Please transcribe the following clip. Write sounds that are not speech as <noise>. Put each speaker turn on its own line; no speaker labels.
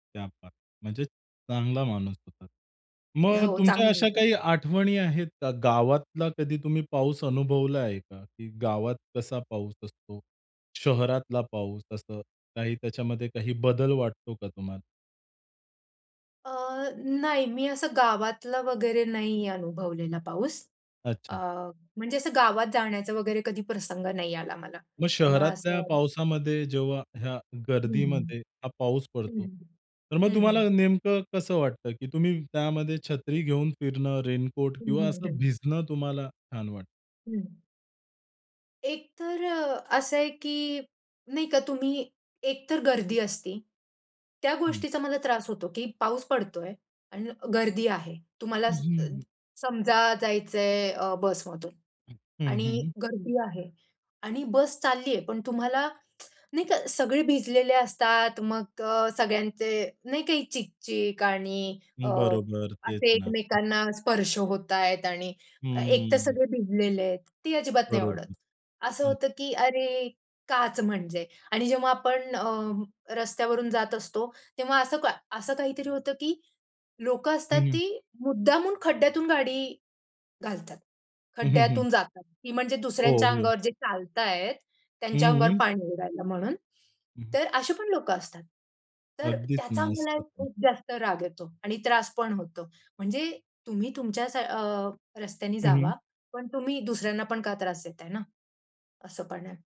क्या बात है! म्हणजे चांगला माणूस होता. मग
हो,
तुमच्या
चांगला
अशा
होता.
काही आठवणी आहेत का? गावातला कधी तुम्ही पाऊस अनुभवलाय का? की गावात कसा पाऊस असतो? शहरातला पाऊस, असं काही त्याच्यामध्ये काही बदल वाटतो का तुम्हाला?
अ, नाही, मी असं गावातला वगैरे नाही अनुभवलेला पाऊस. अ,
अच्छा.
म्हणजे असं गावात जाण्याचा वगैरे कधी प्रसंग नाही आला मला
मग
त्यामुळे
शहरातल्या
असं
पावसामध्ये जेव्हा ह्या
हं, हं.
गर्दीमध्ये हा पाऊस पडतो,
हं.
तर मग
हं, हं.
तुम्हाला नेमकं कसं वाटतं? की तुम्ही त्यामध्ये छत्री घेऊन फिरणं, रेनकोट
हं,
किंवा
हं,
असं
हं.
भिजणं तुम्हाला छान वाटतं?
हं. एक तर, असं आहे की नाही का तुम्ही एक तर गर्दी असते, त्या
हं.
गोष्टीचा मला त्रास होतो की पाऊस पडतोय आणि गर्दी आहे, तुम्हाला
हं.
समजा जायचंय अ, बसमधून
हं,
आणि
हं.
गर्दी आहे आणि बस चालली आहे, पण तुम्हाला <tsk> नाही का सगळे भिजलेले असतात, मग अ, सगळ्यांचे नाही का चिक-चिक आणि अ,
बरोबर, तेच
असे
ना.
एकमेकांना स्पर्श होतायेत आणि एक तर
हम्म.
सगळे भिजलेले आहेत ती अजिबात नाही आवडत.
बरोबर.
असं होतं की "अरे, काच? म्हणजे" आणि जेव्हा आपण अ, रस्त्यावरून जात असतो, तेव्हा असं का असं काहीतरी होतं की लोकं असतात
हं, हं.
ती मुद्दामून खड्ड्यातून गाडी घालतात.
हं, हं, हं.
खड्ड्यातून जातात. की म्हणजे
हो,
दुसऱ्यांच्या
हो.
अंगावर जे चालतायत, त्यांच्या
हं,
अंगावर
हं.
पाणी उडायला म्हणून.
हं.
तर अशी पण लोकं असतात. तर
अगदीच
त्याचा
ना,
मला
असतात ना.
खूप जास्त राग येतो आणि त्रास पण होतो. म्हणजे तुम्ही तुमच्या स अ, रस्त्यानी
हं, हं.
जावा पण तुम्ही दुसऱ्यांना पण का त्रास देताय ना? असं पाण्यात